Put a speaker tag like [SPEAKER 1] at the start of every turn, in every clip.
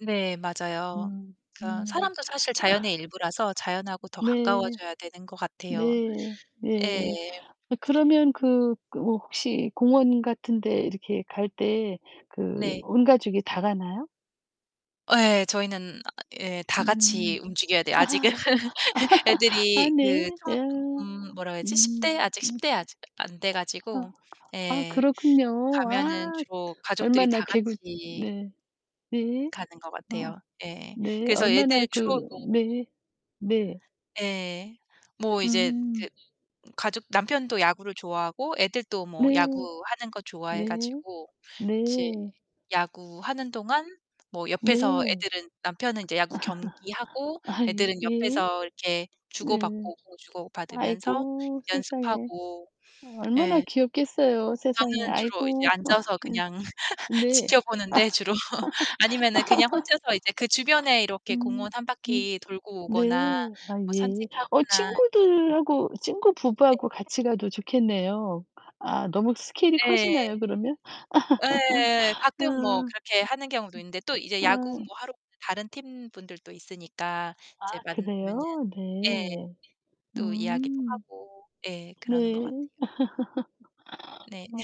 [SPEAKER 1] 네, 맞아요.
[SPEAKER 2] 음.
[SPEAKER 1] 그러니까
[SPEAKER 2] 음.
[SPEAKER 1] 사람도 사실 자연의 일부라서 자연과 더
[SPEAKER 2] 네.
[SPEAKER 1] 가까워져야 되는 것 같아요.
[SPEAKER 2] 네.
[SPEAKER 1] 예.
[SPEAKER 2] 네. 어 그러면 그, 그 뭐 혹시 공원 같은 데 이렇게 갈 때 그
[SPEAKER 1] 네.
[SPEAKER 2] 온 가족이 다 가나요?
[SPEAKER 1] 예, 저희는 아 예 다
[SPEAKER 2] 음.
[SPEAKER 1] 같이 움직여야 돼요 아직은. 애
[SPEAKER 2] 아
[SPEAKER 1] 애들이 그
[SPEAKER 2] 네. 어.
[SPEAKER 1] 청 음 음 뭐라고 해야
[SPEAKER 2] 음.
[SPEAKER 1] 되지 10
[SPEAKER 2] 음.
[SPEAKER 1] 대 아직 10
[SPEAKER 2] 네.
[SPEAKER 1] 대 아직 안 돼
[SPEAKER 2] 아.
[SPEAKER 1] 가지고.
[SPEAKER 2] 아,
[SPEAKER 1] 예.
[SPEAKER 2] 그렇군요.
[SPEAKER 1] 가면은
[SPEAKER 2] 아.
[SPEAKER 1] 주로 가족들이
[SPEAKER 2] 얼마나
[SPEAKER 1] 다
[SPEAKER 2] 개구
[SPEAKER 1] 같이
[SPEAKER 2] 네. 네.
[SPEAKER 1] 가는 것
[SPEAKER 2] 어.
[SPEAKER 1] 같아요. 예.
[SPEAKER 2] 네.
[SPEAKER 1] 그래서
[SPEAKER 2] 얼마나
[SPEAKER 1] 애들 주로
[SPEAKER 2] 그
[SPEAKER 1] 뭐
[SPEAKER 2] 네. 네.
[SPEAKER 1] 예. 뭐 이제
[SPEAKER 2] 음.
[SPEAKER 1] 그 음 가족 남편도 야구를 좋아하고 애들도 뭐
[SPEAKER 2] 네.
[SPEAKER 1] 야구하는 거 좋아해
[SPEAKER 2] 네.
[SPEAKER 1] 가지고 이제
[SPEAKER 2] 네.
[SPEAKER 1] 야구하는 동안 뭐
[SPEAKER 2] 네.
[SPEAKER 1] 옆에서 애들은 남편은 이제 야구 경기하고
[SPEAKER 2] 아이
[SPEAKER 1] 애들은
[SPEAKER 2] 예.
[SPEAKER 1] 옆에서 이렇게
[SPEAKER 2] 네.
[SPEAKER 1] 주고받고 공 주고받으면서
[SPEAKER 2] 아이고, 세상에.
[SPEAKER 1] 연습하고.
[SPEAKER 2] 어 얼마나
[SPEAKER 1] 예.
[SPEAKER 2] 귀엽겠어요. 세상에.
[SPEAKER 1] 저는 주로 이제
[SPEAKER 2] 아이고. 아.
[SPEAKER 1] 앉아서 그냥
[SPEAKER 2] 네. 네. 아.
[SPEAKER 1] 지켜보는데 주로. 아니면은 그냥 혼자서 이제 그 주변에 이렇게
[SPEAKER 2] 음.
[SPEAKER 1] 공원 1
[SPEAKER 2] 음.
[SPEAKER 1] 바퀴 돌고
[SPEAKER 2] 네.
[SPEAKER 1] 오거나
[SPEAKER 2] 아
[SPEAKER 1] 뭐
[SPEAKER 2] 예. 어
[SPEAKER 1] 산책하거나 이렇게
[SPEAKER 2] 친구들하고 친구 부부하고
[SPEAKER 1] 네.
[SPEAKER 2] 같이 가도 좋겠네요. 아, 너무 스케일이
[SPEAKER 1] 예.
[SPEAKER 2] 커지나요, 그러면?
[SPEAKER 1] 예.
[SPEAKER 2] 아.
[SPEAKER 1] 가끔 뭐 그렇게 하는 경우도 있는데 또 이제
[SPEAKER 2] 예.
[SPEAKER 1] 야구
[SPEAKER 2] 아.
[SPEAKER 1] 뭐 하러 오는 다른 팀 분들도 있으니까
[SPEAKER 2] 아
[SPEAKER 1] 이제 만나면은
[SPEAKER 2] 그래요?
[SPEAKER 1] 예
[SPEAKER 2] 네.
[SPEAKER 1] 또 이야기도
[SPEAKER 2] 음.
[SPEAKER 1] 하고. 예, 그러는 것
[SPEAKER 2] 네.
[SPEAKER 1] 같아요. 네.
[SPEAKER 2] 어.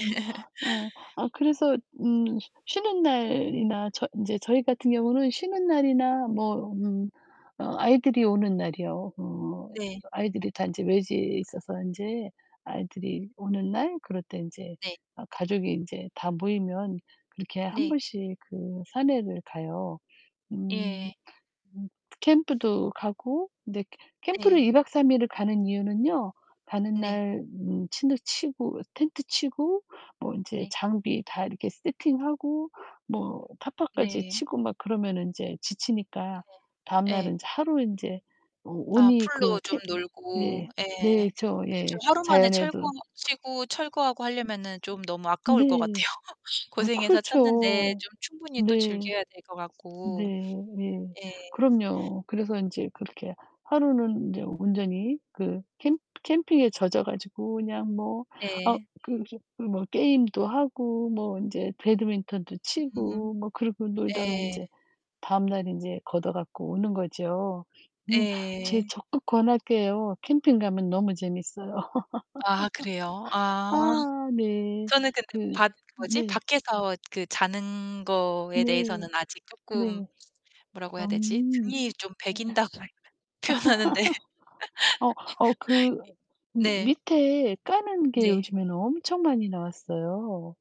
[SPEAKER 2] 예. 아 그래서 음 쉬는 날이나 저 인제 저희 같은 경우는 쉬는 날이나 뭐 음 어 아이들이 오는
[SPEAKER 1] 예.
[SPEAKER 2] 날이요. 어.
[SPEAKER 1] 네.
[SPEAKER 2] 그래서 아이들이 다 인제 외지에 있어서 인제 아이들이 오는 날 그럴 때 인제
[SPEAKER 1] 네.
[SPEAKER 2] 아 가족이 인제 다 모이면 그렇게 1
[SPEAKER 1] 네.
[SPEAKER 2] 번씩 그 산에를 가요. 음.
[SPEAKER 1] 예.
[SPEAKER 2] 음, 캠프도 가고 근데 캐 캠프를
[SPEAKER 1] 네.
[SPEAKER 2] 2 박 3 일을 가는 이유는요. 가는
[SPEAKER 1] 네.
[SPEAKER 2] 날 음 침대 치고 텐트 치고 뭐 인제
[SPEAKER 1] 네.
[SPEAKER 2] 장비 다 이렇게 세팅하고 뭐 타퍼까지
[SPEAKER 1] 네.
[SPEAKER 2] 치고 막 그러면은 인제 지치니까
[SPEAKER 1] 네. 예.
[SPEAKER 2] 다음날은 인제 하루 인제 어
[SPEAKER 1] 아
[SPEAKER 2] 온이 그
[SPEAKER 1] 풀로 좀
[SPEAKER 2] 캡
[SPEAKER 1] 놀고.
[SPEAKER 2] 네.
[SPEAKER 1] 예.
[SPEAKER 2] 네. 저
[SPEAKER 1] 그쵸.
[SPEAKER 2] 예.
[SPEAKER 1] 하루 만에
[SPEAKER 2] 자연에도
[SPEAKER 1] 철거 치고 철거하고 하려면은 좀 너무
[SPEAKER 2] 음.
[SPEAKER 1] 아까울 것
[SPEAKER 2] 네.
[SPEAKER 1] 같아요.
[SPEAKER 2] 아
[SPEAKER 1] 고생해서 쳤는데
[SPEAKER 2] 그렇죠.
[SPEAKER 1] 좀 충분히 또
[SPEAKER 2] 네.
[SPEAKER 1] 즐겨야 될 것
[SPEAKER 2] 네
[SPEAKER 1] 같고.
[SPEAKER 2] 네.
[SPEAKER 1] 예.
[SPEAKER 2] 그럼요. 그래서 인제 그렇게 하루는 인제 온전히 그 캠 캠핑에 젖어 가지고 그냥 뭐 아
[SPEAKER 1] 예.
[SPEAKER 2] 그 깁 음 뭐 게임도 하고 뭐 인제 배드민턴도
[SPEAKER 1] 음.
[SPEAKER 2] 치고 뭐 그러고 놀다가
[SPEAKER 1] 예.
[SPEAKER 2] 인제 다음날 인제 걷어 갖고 오는 거죠. 음 제
[SPEAKER 1] 예.
[SPEAKER 2] 적극 권할게요. 캠핑 가면 너무 재밌어요.
[SPEAKER 1] 아 그래요? 아.
[SPEAKER 2] 아 네.
[SPEAKER 1] 저는 근데
[SPEAKER 2] 그
[SPEAKER 1] 밖 그 뭐지?
[SPEAKER 2] 네.
[SPEAKER 1] 밖에서 그 자는 거에
[SPEAKER 2] 네.
[SPEAKER 1] 대해서는 아직 쪼끔
[SPEAKER 2] 네.
[SPEAKER 1] 뭐라고 해야 되지
[SPEAKER 2] 음.
[SPEAKER 1] 등이 좀
[SPEAKER 2] 예.
[SPEAKER 1] 배긴다고 할 표현하는데. 표현하는데.
[SPEAKER 2] 어. 어, 그
[SPEAKER 1] 이
[SPEAKER 2] 미
[SPEAKER 1] 네.
[SPEAKER 2] 밑에 까는 게
[SPEAKER 1] 네.
[SPEAKER 2] 요즘에는 엄청 많이 나왔어요.